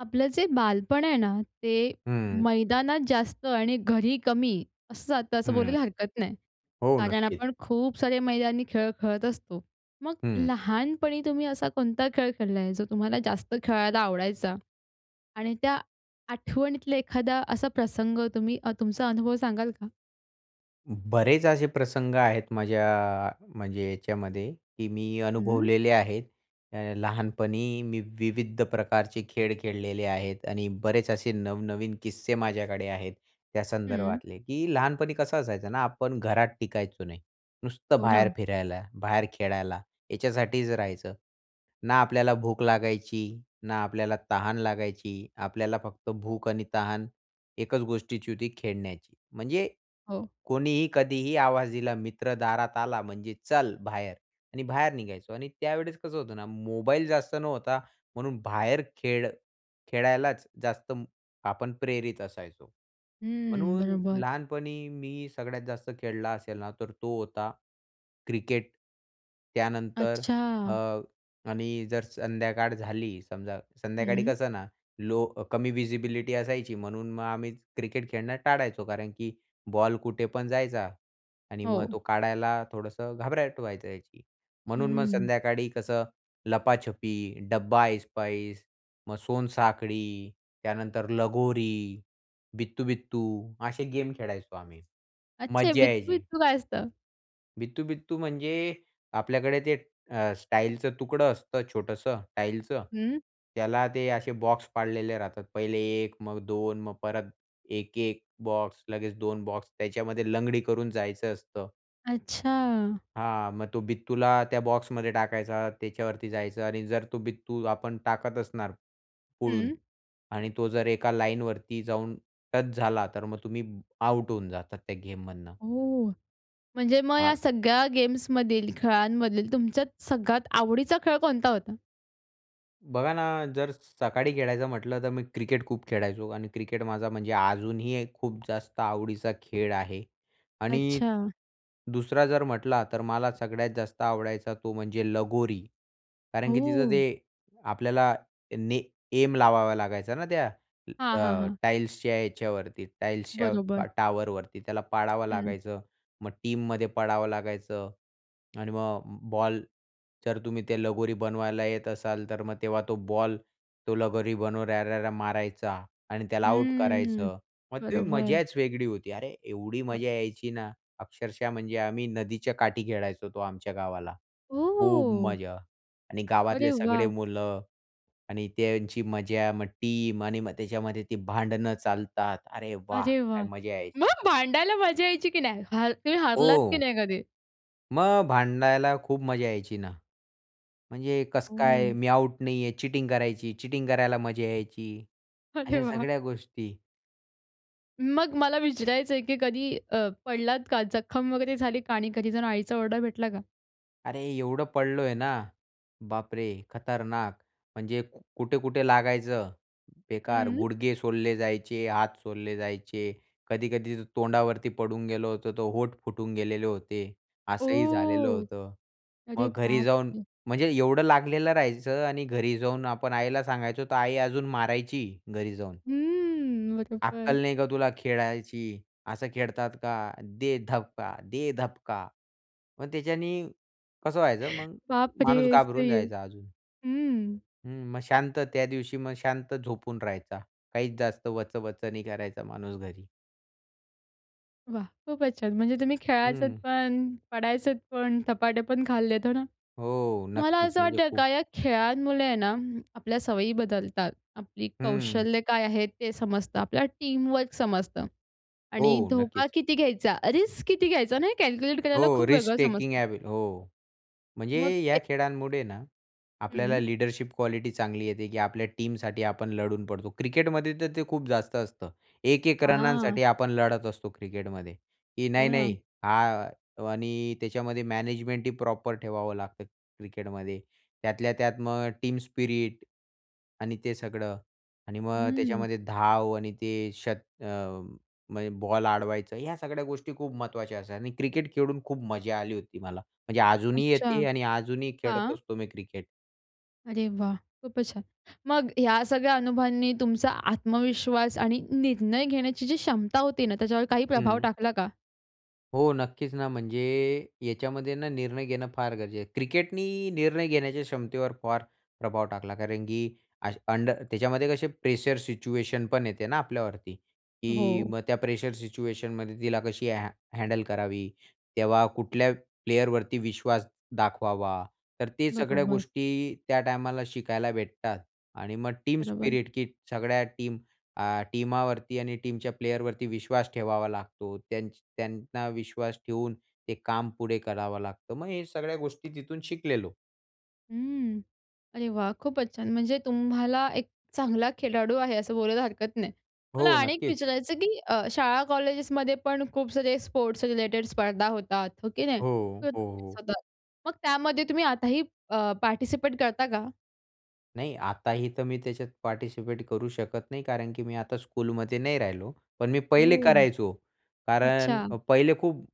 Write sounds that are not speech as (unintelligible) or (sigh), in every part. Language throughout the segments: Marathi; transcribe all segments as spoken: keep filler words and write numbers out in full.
आपलं जे बालपण आहे ना, ते हं. मैदानात जास्त आणि घरी कमी असं जातं असं हं, बोलायला हरकत नाही. हो, कारण नक्कीच. आपण खूप सारे मैदानी खेळ खेळत असतो. मग हं. लहानपणी तुम्ही असा कोणता खेळ खेळला आहे? जो तुम्हाला जास्त खेळायला आवडायचा आणि त्या आठवणीतला एखादा असा प्रसंग तुम्ही अ, तुमचा अनुभव सांगाल का? बरेच असे प्रसंग आहेत माझ्या, म्हणजे याच्यामध्ये, की मी हं. अनुभवलेले आहेत. अ, लहानपणी मी विविध प्रकारचे खेळ खेळलेले आहेत आणि बरेच असे नवनवीन किस्से माझ्याकडे आहेत हं. त्यासंदर्भातले, की लहानपणी कसं असायचं ना, आपण घरात टिकायचो नाही. नुसतं हो बाहेर ना. फिरायला, बाहेर खेळायला, याच्यासाठीच राहायचं. ना आपल्याला भूक लागायची, ना आपल्याला तहान लागायची. आपल्याला फक्त भूक आणि तहान एकच गोष्टीची होती, खेळण्याची. म्हणजे हो. कोणीही, कधीही आवाज दिला, मित्र दारात आला म्हणजे "चल बाहेर" आणि बाहेर निघायचो आणि त्यावेळेस कसं होतं ना, मोबाईल जास्त नव्हता म्हणून बाहेर खेळ खेळायलाच जास्त आपण प्रेरित असायचो. हं, म्हणून बरोबर. लहानपणी मी सगळ्यात जास्त खेळला असेल ना, तर तो होता क्रिकेट. त्यानंतर अ, अच्छा. आणि जर संध्याकाळ झाली समजा, संध्याकाळी हं. कसं ना लो कमी व्हिजिबिलिटी असायची, म्हणून मग आम्ही क्रिकेट खेळणं टाळायचो. कारण की बॉल कुठे पण जायचा आणि मग हो. तो काढायला थोडंसं घबराहट व्हायचं याची, म्हणून मग हं. संध्याकाळी कसं लपाछपी, डबा ऐसपैस, मग सोनसाखळी, त्यानंतर लगोरी, बित्तू-बित्तू असे गेम खेळायचो आम्ही. अच्छे मज्जा यायची. बित्तू-बित्तू काय असतं? बित्तू-बित्तू म्हणजे आपल्याकडे ते अ, स्टाईलचं तुकडं असतं छोटंसं टाईलचं. हं. त्याला ते असे बॉक्स पाडलेले राहतात. पहिले एक, मग दोन, मग परत एक एक बॉक्स, लगेच दोन बॉक्स त्याच्यामध्ये लंगडी करून जायचं असतं. अच्छा! हां, मग तो बित्तूला त्या बॉक्समध्ये टाकायचा, त्याच्यावरती जायचं आणि जर तो बित्तू आपण टाकत असणार पुढून हं. आणि तो जर एका लाईनवरती जाऊन टच झाला, तर मग तुम्ही आउट होऊन जातात त्या गेममधनं. हो, म्हणजे मग या (unintelligible) सगळ्या गेम्समधील, खेळांमधील तुमच्यात सगळ्यात आवडीचा खेळ कोणता होता? बघा ना, जर सकाळी खेळायचं म्हटलं तर मी क्रिकेट खूप खेळायचो आणि क्रिकेट माझा म्हणजे अजूनही एक खूप जास्त आवडीचा खेळ आहे आणि अच्छा! दुसरा जर म्हटला तर मला सगळ्यात जास्त आवडायचा तो म्हणजे लगोरी कारण की तिथं ते हो. आपल्याला ने ऐम लावावा लागायचा ना त्या हां, हां, अ, हां. टाईल्सच्या याच्यावरती टाईल्सच्या बरोबर. ट टॉवरवरती. त्याला पडावं हं. लागायचं. मग टीम मध्ये पडावं लागायचं आणि मग बॉल जर तुम्ही ते लगोरी बनवायला येत असाल तर मग तेव्हा तो बॉल तो लगोरी बनवणाऱ्याला मारायचा आणि त्याला आऊट हं, करायचं. मग ते बरोबर. मजाच वेगळी होती. अरे! एवढी अ मजा यायची ना, अक्षरशः म्हणजे आम्ही नदीच्या काठी खेळायचो तो आमच्या गावाला. खूप ओह! मजा आणि गावातले अरे सगळे वाह! मुलं आणि त्यांची मजा, मग टीम आणि मग त्याच्यामध्ये ती भांडणं चालतात. अरे वाह! अरे काय वाह! मजा यायची. मग भांडायला मजा यायची की नाही? हर तुम्ही हरलात की हो. नाही कधी? मग भांडायला खूप मजा यायची ना. म्हणजे कसं काय हं. मी आउट नाही आहे चीटिंग करायची चीटिंग करायला मजा यायची, अरे अशा वाह! सगळ्या गोष्टी. मग मला विचारायचंय, की कधी अ, पडलात का? जखम वगैरे झाली का? आणि घरी जाऊन आईचा ओरडा भेटला का? अरे एवढं पडलोय ना, बाप रे! खतरनाक. म्हणजे कुठे-कुठे लागायचं बेकार, हं. गुडघे सोलले जायचे, हात सोलले जायचे, कधी-कधी तोंडावरती पडून गेलं होतं तर होठ फुटून गेलेले होते. असंही झालेलं ओह! होतं. अरे मग घरी बाप जाऊन रे! म्हणजे एवढं लागलेलं राहायचं आणि घरी जाऊन आपण आईला सांगायचं तर आई अजून मारायची घरी जाऊन. हम्म, अक्कल बरोबर. नाही का तुला खेळायची, असं खेळतात का? दे धबका! दे धपका! मग त्याच्याने कसं व्हायचं (chuckles) मग बाप माणूस रे! घाबरून सही आहे जायचा अजून. हं. हं, मग शांत त्या दिवशी मग शांत झोपून राहायचा, काहीच जास्त वचवच नाही करायचा माणूस घरी. वाह! खूप छान. म्हणजे तुम्ही खेळायच हं. पण, पडायच पण, धपाटे पण खाल्लेत, हो ना? हो, मला नक्कीच. असं म्हणजे वाटतं खूप. का या खेळांमुळे आहे ना, आपल्या सवयी बदलतात. आपली हं. कौशल्य काय आहे ते समजतं. आपल्या टीमवर्क समजतं आणि हो, धोका नक्कीच. किती घ्यायचा, रिस्क किती घ्यायचा नाही हे कॅल्क्युलेट करायला हो, खूप रिस्क वेगळं टेकिंग समजतं. एबी हो, म्हणजे मग या एक खेळांमुळे ना, आपल्याला हं. लीडरशिप क्वालिटी चांगली येते की आपल्या टीमसाठी आपण लढून पडतो. क्रिकेटमध्ये तर ते खूप जास्त असतं. एक एक हां. रनांसाठी आपण लढत असतो क्रिकेटमध्ये, की हो ना. नाही-नाही हा आणि त्याच्यामध्ये मॅनेजमेंट ही प्रॉपर ठेवावं लागतं क्रिकेटमध्ये. त्यातल्या त्यात मग टीम स्पिरिट आणि ते सगळं आणि मग हं. त्याच्यामध्ये धाव आणि ते शत अ, म्हणजे बॉल अडवायचं. ह्या सगळ्या गोष्टी खूप महत्त्वाच्या असतात आणि क्रिकेट खेळून खूप मजा आली होती मला. म्हणजे अजूनही अच्छा, येते आणि अजूनही खेळत हां. असतो मी क्रिकेट. अरे वाह! खूपच छान. मग ह्या सगळ्या अनुभवांनी तुमचा आत्मविश्वास आणि निर्णय घेण्याची जी क्षमता होती ना, त्याच्यावर काही प्रभाव हं. टाकला का? हो, नक्कीच ना. म्हणजे याच्यामध्ये ना, निर्णय घेणं फार गरजेचं आहे. क्रिकेटनी निर्णय घेण्याच्या क्षमतेवर फार प्रभाव टाकला. कारण की अश अंडर त्याच्यामध्ये कसे प्रेशर सिच्युएशन पण येते ना, आपल्यावरती. की हो. मग त्या प्रेशर सिच्युएशनमध्ये तिला कशी ह हँडल करावी. तेव्हा कुठल्या प्लेयरवरती विश्वास दाखवावा. तर ते सगळ्या बरोबर. गोष्टी त्या टाईमला शिकायला भेटतात. आणि मग टीम बरोबर. स्पिरिट, की सगळ्या टीम अ, टीमावरती आणि टीमच्या प्लेयरवरती विश्वास ठेवावा लागतो. त्यांच त्यांना विश्वास ठेवून ते काम पुढे करावं लागतं. मग हे सगळ्या गोष्टी तिथून शिकलेलो. हं. अरे वाह! खूपच छान. म्हणजे तुम्हाला एक चांगला खेळाडू आहे, असं बोलायला हरकत नाही. मला हो. आणि एक नक्कीच. विचारायचं, की अ, शाळा कॉलेजेसमध्ये पण खूप सारे स्पोर्ट्स रिलेटेड स्पर्धा होतात, हो की नाही? हो, तर हो, तुम्ही हो. स्वतः मग त्यामध्ये तुम्ही आताही अ, पार्टिसिपेट करता का? नाही आताही तर मी त्याच्यात पार्टिसिपेट करू शकत नाही. कारण, की मी आता स्कूलमध्ये नाही राहिलो. पण मी पहिले हो. करायचो. कारण अच्छा. पहिले खूप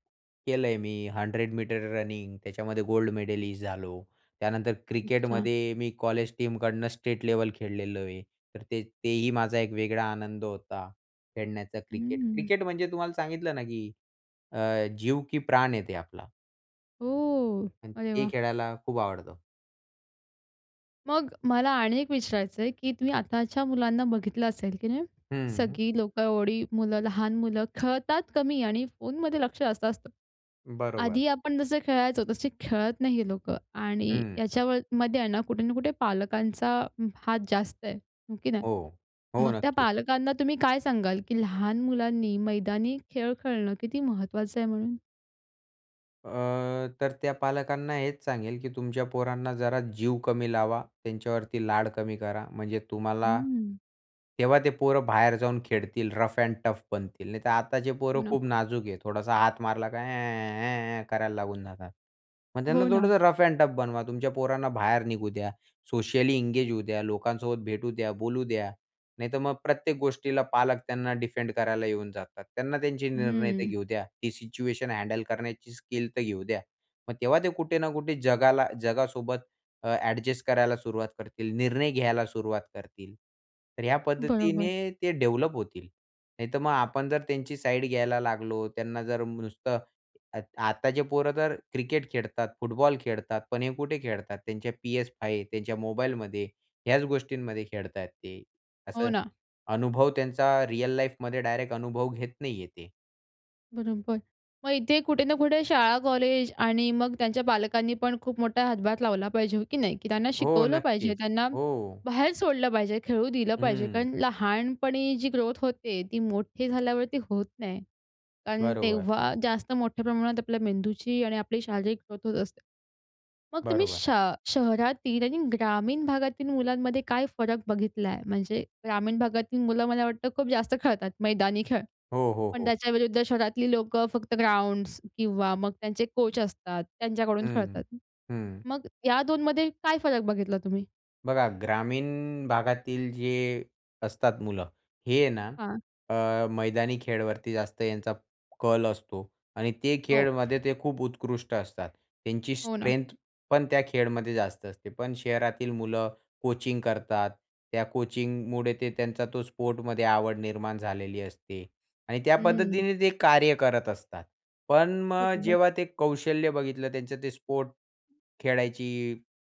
केलंय मी. हंड्रेड मीटर रनिंग त्याच्यामध्ये गोल्ड मेडलिस्ट झालो. त्यानंतर अच्छा. क्रिकेटमध्ये मी कॉलेज टीमकडनं स्टेट लेवल खेळलेलो आहे. तर ते तेही माझा एक वेगळा आनंद होता खेळण्याचा क्रिकेट. हम्म. क्रिकेट म्हणजे तुम्हाला सांगितलं ना, की अ, जीव की प्राण आहे ते आपला. ओह! आणि अरे ते वाह! खेळायला खूप आवडतं. मग मला आणि एक विचारायचंय, की तुम्ही आताच्या मुलांना बघितलं असेल, की नाही. हं. सगळी लोकं एवढी मुलं लहान मुलं खेळतात कमी, आणि फोनमध्ये लक्ष जास्त असतं. बरोबर. आधी आपण जसं खेळायचो तसे खेळत नाही हे लोकं आणि हं याच्यावर मध्ये आहे ना कुठे ना कुठे पालकांचा हात जास्त आहे. हो की नाही. हो. हो, मग त्या नक्कीच. पालकांना तुम्ही काय सांगाल? की लहान मुलांनी मैदानी खेळ खेळणं किती महत्त्वाचं आहे म्हणून? अ, तर त्या पालकांना हेच सांगेल, की तुमच्या पोरांना जरा जीव कमी लावा, त्यांच्यावरती लाड कमी करा. म्हणजे तुम्हाला हं. तेव्हा ते पोरं बाहेर जाऊन खेळतील रफ एंड टफ बनतील. नाहीतर आताचे हो पोरं ना. खूप नाजूक आहे. थोडासा हात मारला काय? ऍ ऍ ऍ ऍ करायला लागून जातात. मग त्यांना हो ना. थोडंसं रफ एंड टफ बनवा. तुमच्या पोरांना बाहेर निघू द्या. सोशली एंगेज होऊ द्या. लोकांसोबत भेटू द्या. बोलू द्या. नाहीतर मग प्रत्येक गोष्टीला पालक त्यांना डिफेंड करायला येऊन जातात. त्यांना त्यांचे निर्णय तर हम्म घेऊ द्या. ती सिच्युएशन हँडल करण्याची स्किल तर घेऊ द्या. मग तेव्हा ते कुठे ना कुठे जगाला, जगासोबत अ, ॲडजस्ट करायला सुरुवात करतील. निर्णय घ्यायला सुरुवात करतील. तर ह्या बरोबर. पद्धतीने ते डेव्हलप होतील, नाहीतर मग आपण जर त्यांची साईड घ्यायला लागलो त्यांना जर नुसतं आ आताचे पोरं तर क्रिकेट खेळतात, फुटबॉल खेळतात, पण हे कुठे खेळतात त्यांच्या PS5 त्यांच्या मोबाईलमध्ये ह्याच गोष्टींमध्ये खेळत आहेत ते. हो असं ना. अनुभव त्यांचा रिअल लाईफमध्ये डायरेक्ट अनुभव घेत नाहीये ते. बरोबर. मग इथे कुठे ना कुठे शाळा कॉलेज आणि मग त्यांच्या पालकांनी पण खूप मोठा हातभार लावला पाहिजे. हो की नाही? की त्यांना हो, शिकवलं पाहिजे, नक्कीच. त्यांना हो. बाहेर सोडलं पाहिजे, खेळू दिलं पाहिजे. हं. कारण लहानपणी जी ग्रोथ होते, ती मोठी झाल्यावरती होत नाही. कारण बरोबर. तेव्हा जास्त मोठ्या प्रमाणात आपल्या मेंदूची आणि आपली शारीरिक ग्रोथ होत असते. मग तुम्ही बरोबर. श शहरातील आणि ग्रामीण भागातील मुलांमध्ये काय फरक बघितलाय? म्हणजे ग्रामीण भागातील मुलं मला वाटतं खूप जास्त खेळतात मैदानी खेळ. हो, हो, पण हो. त्याच्याविरुद्ध शहरातली लोकं फक्त ग्राउंड्स किंवा मग त्यांचे कोच असतात त्यांच्याकडून हं. खेळतात. हं. मग या दोन मध्ये काय फरक बघितला तुम्ही? बघा ग्रामीण भागातील जे असतात मुलं. हे आहे ना हां. अ, मैदानी खेळवरती जास्त यांचा कल असतो आणि ते हो. खेळमध्ये ते खूप उत्कृष्ट असतात. त्यांची हो ना. स्ट्रेंथ पण त्या खेळमध्ये जास्त असते. पण शहरातील मुलं कोचिंग करतात. त्या कोचिंगमुळे ते त्यांचा तो स्पोर्टमध्ये आवड निर्माण झालेली असते आणि त्या हं. पद्धतीने ते कार्य करत असतात. पण अ, मग बरोबर. जेव्हा ते कौशल्य बघितलं त्यांचं ते स्पोर्ट खेळायची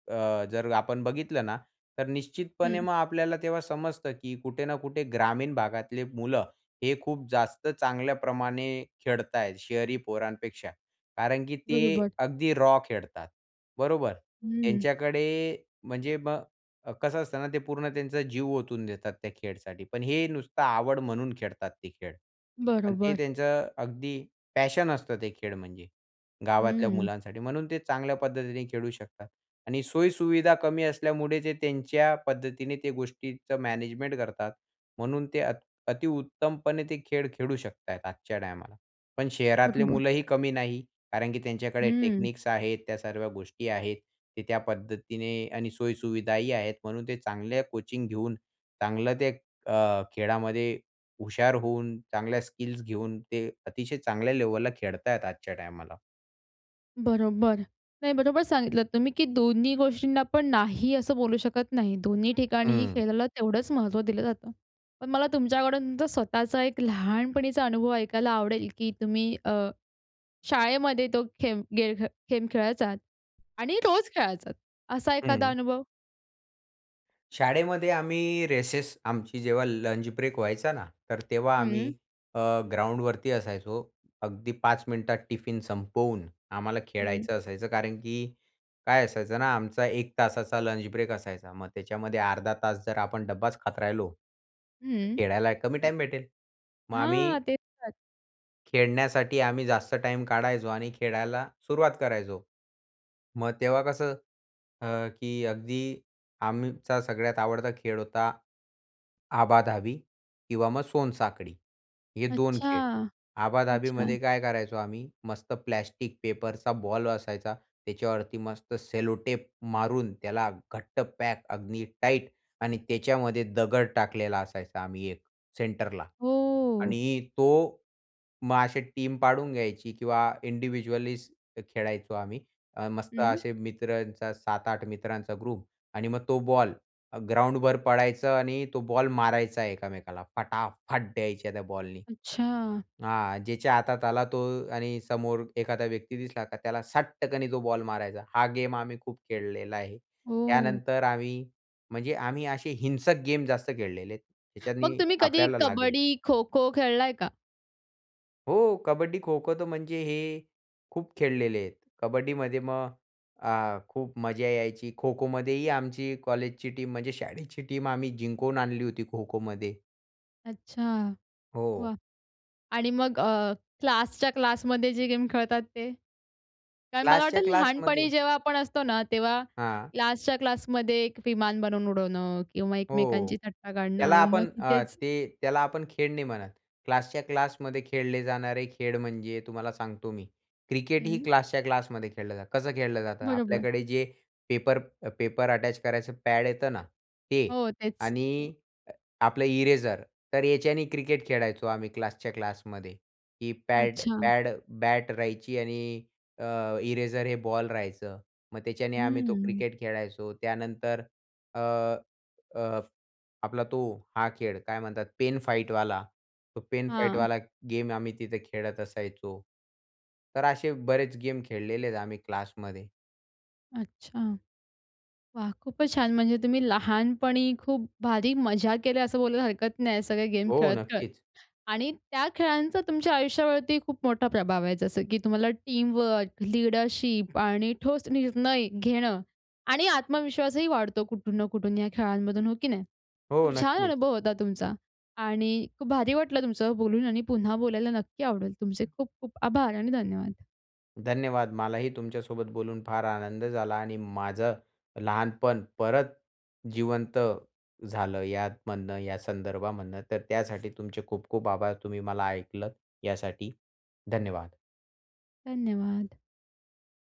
अ, जर आपण बघितलं ना, तर निश्चितपणे हं. मग आपल्याला तेव्हा समजतं की कुठे ना कुठे ग्रामीण भागातले मुलं, हे खूप जास्त चांगल्याप्रमाणे खेळताय शहरी पोरांपेक्षा, कारण की ते बरोबर. अगदी रॉ खेळतात. बरोबर. हं. त्यांच्याकडे ते म्हणजे मग कसं असतं ना ते पूर्ण त्यांचा जीव ओतून देतात त्या खेळसाठी. पण हे नुसतं आवड म्हणून खेळतात ते खेळ. पण ते बरोबर. त्यांचं अगदी पॅशन असतं, ते खेळ म्हणजे गावातल्या हं. मुलांसाठी. म्हणून ते चांगल्या पद्धतीने खेळू शकतात आणि सोयी-सुविधा कमी असल्यामुळे ते त्यांच्या पद्धतीने, ते गोष्टीच मॅनेजमेंट करतात. म्हणून ते अ, अति उत्तमपणे ते खेळ, खेळू शकतात आहेत. आजच्या टायमाला पण शहरातले बरोबर. मुलंही कमी नाही, कारण की त्यांच्याकडे हं. टेक्निक्स आहेत त्या सर्व्या गोष्टी आहेत. ते त्या पद्धतीने आणि सोयी-सुविधाही आहेत. म्हणून ते चांगले कोचिंग घेऊन. चांगलं ते अ, खेळामध्ये हुशार होऊन, चांगल्या स्किल्स घेऊन ते अतिशय चांगल्या लेव्हलला खेळतायेत आजच्या टायमाला. बरोबर. नाही, बरोबर सांगितलत तुम्ही की दोन्ही गोष्टींना पण नाही असं बोलू शकत नाही. दोन्ही ठिकाणीही हं. खेळाला तेवढंच महत्त्व दिलं जातं. पण मला तुमच्याकडून तुमचा स्वतःचा एक लहानपणीचा अनुभव ऐकायला आवडेल की तुम्ही अ, शाळेमध्ये तो खेम गे गेम खेळायचात आणि रोज खेळायचात असा एखादा हं. अनुभव? शाळेमध्ये आम्ही रेसेस, आमची जेव्हा लंच ब्रेक व्हायचा ना, तर तेव्हा आम्ही हं. अ, ग्राउंडवरती असायचो. अगदी पाच मिनिटात टिफिन संपवून आम्हाला हं. खेळायचं असायचं, कारण की काय असायचं ना आमचा एक तासाचा लंच ब्रेक असायचा. मग त्याच्यामध्ये अर्धा तास जर आपण डब्बाच खात राहिलो हं. खेळायला कमी टाईम भेटेल. मग हां. आम्ही तेच तर. खेळण्यासाठी आम्ही जास्त टाईम काढायचो आणि खेळायला सुरुवात करायचो. मग तेव्हा कसं अ, की अगदी आमचा सगळ्यात आवडता खेळ होता आबा-धाबी किंवा मग सोनसाखळी, हे दोन अच्छा! खेळ. अच्छा. आबा-धाबीमध्ये काय करायचो आम्ही, मस्त प्लास्टिक पेपरचा बॉल असायचा, त्याच्यावरती मस्त सेलोटेप मारून त्याला घट्ट पॅक अगदी टाईट आणि त्याच्यामध्ये दगड टाकलेला असायचा आम्ही एक सेंटरला. हो. आणि तो मग अशी टीम पाडून घ्यायची किंवा इंडिव्हिज्युअलीच ते खेळायचो आम्ही. अ, मस्त हं. असे मित्रांचा सात आठ मित्रांचा ग्रुप आणि मग तो बॉल अ, ग्राउंडभर पळायचं आणि तो बॉल मारायचा एकमेकाला, फटाफट द्यायच्या त्या बॉलनी. अच्छा! हां. ज्याच्या हातात आला तो आणि समोर एखादा व्यक्ती दिसला का त्याला सटक्कनी तो बॉल मारायचा हा गेम आम्ही खूप खेळलेला आहे. हो. त्यानंतर आम्ही म्हणजे आम्ही असे हिंसक गेम जास्त खेळलेले आहेत मग त्याच्याने तुम्ही कधी आपल्याला लागेल. कबड्डी, खो-खो खेळलाय का? हो. कबड्डी, खो-खो तर म्हणजे हे खूप खेळलेले आहेत. कबड्डीमध्ये मग अ, खूप मजा यायची. खो-खोमध्येही आमची कॉलेजची टीम म्हणजे शाळेची टीम आम्ही जिंकून आणली होती खो-खोमध्ये. अच्छा. हो. वाह! आणि मग अ, क्लासच्या क्लासमध्ये जे गेम खेळतात ते? कारण मला क्लासच्या वाटतं क्लासमध्ये. लहानपणी जेव्हा आपण असतो ना, तेव्हा हां. क्लासच्या क्लासमध्ये एक विमान बनवून उडवणं किंवा हो. एकमेकांची थट्टा त्याला काढणं मग आपण अ, तिथेचं ते त्याला आपण खेळ नाही म्हणत. क्लासच्या क्लासमध्ये खेळले जाणारे खेळ म्हणजे तुम्हाला सांगतो मी क्रिकेट ही हं. क्लासच्या क्लासमध्ये खेळलं जातं. कसं खेळलं जातं? बरोबर. आपल्याकडे जे पेपर अ, पेपर अटॅच करायचं पॅड येतं ना ते. हो. तेच. आणि अ, आपलं इरेजर तर याच्याने क्रिकेट खेळायचो आम्ही, क्लासच्या क्लासमध्ये. ही पॅड अच्छा. पॅड बॅट राहायची आणि अ, इरेजर हे बॉल राहायचं. मग त्याच्याने आम्ही तो हम्म. क्रिकेट खेळायचो. त्यानंतर अ, अ, आपला तो हा खेळ काय म्हणतात, पेन फाईटवाला, तो पेन हां. फाईटवाला गेम आम्ही तिथे खेळत असायचो. तर असे बरेच गेम खेळलेले आहेत आम्ही क्लासमध्ये. अच्छा. वाह! खूपच छान. म्हणजे तुम्ही लहानपणी खूप भारी मजा केल्या, असं बोलायला हरकत नाही सगळे गेम हो, खेळत-खेळत. नक्कीचं. आणि त्या खेळांचा तुमच्या आयुष्यावरती खूप मोठा प्रभाव आहे. जसं की तुम्हाला टीमवर्क, लीडरशिप आणि ठोस निर्णय घेणं आणि आत्मविश्वासही वाढतो कुठून ना कुठून या खेळांमधून, हो की नाही? हो, खूप छान नक्कीचं. अनुभव होता तुमचा. आणि खूप भारी वाटलं तुमच्यासोबत बोलून आणि पुन्हा बोलायला नक्की आवडेल. तुमचे खूप खूप आभार आणि धन्यवाद. धन्यवाद. मलाही तुमच्यासोबत बोलून फार आनंद झाला. आणि माझं लहानपण परत जिवंत झालं यामधनं, या संदर्भामधनं. तर त्यासाठी तुमचे खूप खूप आभार. तुम्ही मला ऐकलंत, यासाठी धन्यवाद. धन्यवाद.